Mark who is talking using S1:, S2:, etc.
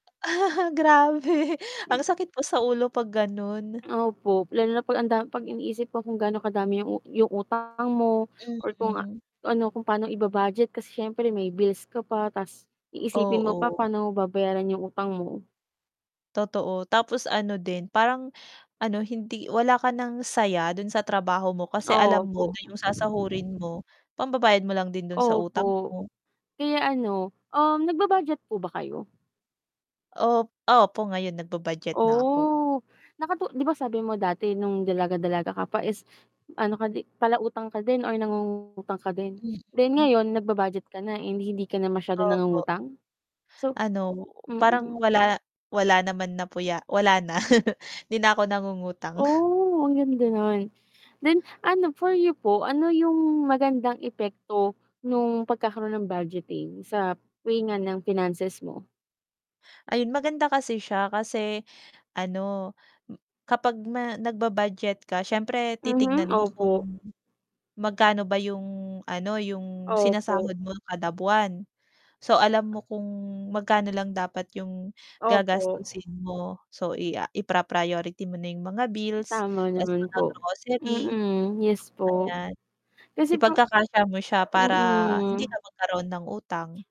S1: Grabe, ang sakit po sa ulo 'pag ganun.
S2: Opo, lalo na pag ang da iniisip ko kung gaano kadami yung u yung utang mo or kung
S1: Mm.
S2: ano, kung pa'no iba-budget kasi siyempre may bills ko pa ta's iisipin mo pa
S1: Oo.
S2: paano mo babayaran yung utang mo.
S1: Totoo. Tapos ano din parang ano, hindi wala ka ng saya dun sa trabaho mo kasi alam mo
S2: Opo.
S1: na yung sasahurin mo, pambabayad mo lang din dun sa utang
S2: Opo.
S1: mo.
S2: Kaya ano, um, nagba-budget po ba kayo?
S1: Op opo ngayon nagbu-budget na ako.
S2: Oh, nakatu di ba sabi mo dati nung dalaga, dalaga ka pa is ano ka di palautang ka din or nangungutang ka din? Then
S1: Mm.
S2: ngayon nagba-budget ka na, eh, di hindi ka na masyadong
S1: Opo.
S2: nangungutang? So
S1: Ano,
S2: mm.
S1: parang wala wala naman na po ya wala na. Di na ako nangungutang.
S2: Oh. Ang ganda nun. Then ano, for you po, ano yung magandang epekto nung pagkakaroon ng budgeting sa [unintelligible] ng finances mo?
S1: Ayun. Maganda kasi siya kasi ano, kapag ma nagba-budget ka siyempre
S2: Mhm,
S1: titignan mo
S2: opo.
S1: kung magkano ba yung ano, yung
S2: Opo.
S1: sinasahod mo kada buwan. So, alam mo kung magkano lang dapat yung
S2: Opo.
S1: gagastusin mo. So, i ah, ipra priority mo na yung mga bills
S2: Tama
S1: ta's
S2: naman
S1: mga
S2: po.
S1: grocery.
S2: Mm, yes po.
S1: Ayan.
S2: Kasi po
S1: Ipagkakasya mo siya para hindi
S2: mm.
S1: ka magkaroon ng utang.